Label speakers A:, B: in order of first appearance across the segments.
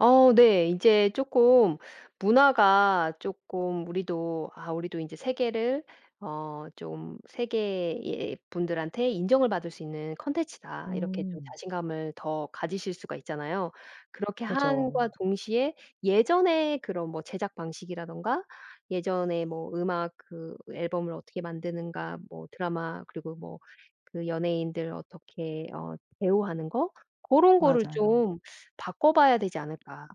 A: 어 네 인제 쪼끔 문화가 쪼끔 우리도 아 우리도 인제 세계를 어 좀 '세계의 분들한테 인정을 받을 수 있는 콘텐츠다.' 이렇게 좀
B: 음.
A: 자신감을 더 가지실 수가 있잖아요. 그렇게
B: 그죠.
A: 함과 동시에 예전에 그런 뭐 제작 방식이라든가 예전에 뭐 음악 그 앨범을 어떻게 만드는가 뭐 드라마 그리고 뭐 그 연예인들 어떻게 어 배우하는 거? 고런 거를
B: 맞아요.
A: 좀 바꿔봐야 되지 않을까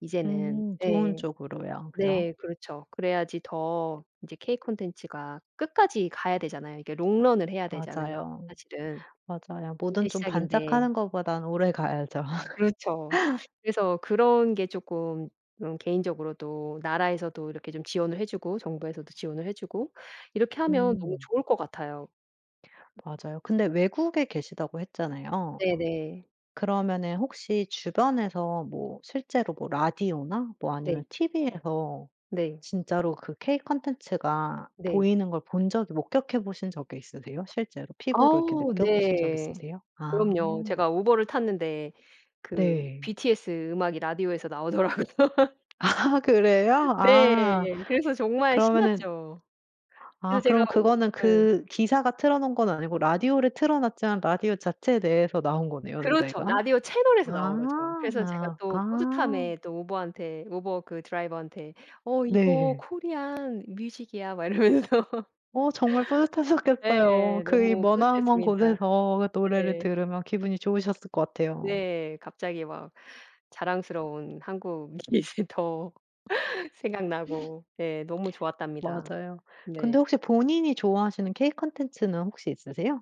A: 이제는.
B: 음 좋은
A: 네.
B: 쪽으로요. 그죠?
A: 네 그렇죠. 그래야지 더 이제 K 콘텐츠가 끝까지 가야 되잖아요. 이게 롱런을 해야 되잖아요
B: 맞아요.
A: 사실은.
B: 맞아요. 뭐든
A: 인제
B: 좀
A: 시작인데.
B: 반짝하는 것보단 오래가야죠.
A: 그렇죠. 그래서 그런 게 쪼끔 어 개인적으로도 나라에서도 이렇게 좀 지원을 해 주고 정부에서도 지원을 해 주고 이렇게 하면 너무
B: 음.
A: 좋을 것 같아요.
B: 맞아요. 근데 외국에 계시다고 했잖아요.
A: 네네.
B: 그러면은 혹시 주변에서 뭐 실제로 뭐 라디오나 뭐
A: 네.
B: 아니면 TV에서
A: 네.
B: 진짜로 그 K 콘텐츠가
A: 네.
B: 보이는 걸 본 적이 목격해 보신 적이 있으세요? 실제로 피부로 이렇게
A: 아우
B: 느껴 보신 적이
A: 네
B: 있으세요? 아.
A: 그럼요. 제가 우버를 탔는데 그
B: 네.
A: BTS 음악이 라디오에서 나오더라고
B: 아 그래요? 아
A: 네. 그래서 정말
B: 그러면은
A: 신났죠.
B: 아
A: 그래서 제가
B: 그럼
A: 우
B: 그거는
A: 네.
B: 그 기사가 틀어 놓은 건 아니고 라디오를 틀어 놨지만 라디오 자체 내에서 나온 거네요
A: 그렇죠.
B: 노래가?
A: 라디오 채널에서 나온 거죠.
B: 아
A: 그래서 제가 또
B: 아.
A: 뿌듯함에 또 우버한테 우버 그 드라이버한테 "어 이거
B: 네.
A: Korean music 이야." 막 이러면서
B: 어 정말 뿌듯하셨겠어요.
A: 네
B: 그 이
A: 너무
B: 머나먼
A: 뿌듯했습니다.
B: 곳에서 그 노래를
A: 네.
B: 들으면 기분이 좋으셨을 것 같아요.
A: 네 갑자기 막 자랑스러운 한국이 더 생각나고 예 너무 좋았답니다.
B: 맞아요. 근데
A: 네.
B: 혹시 본인이 좋아하시는 K 콘텐츠는 혹시 있으세요?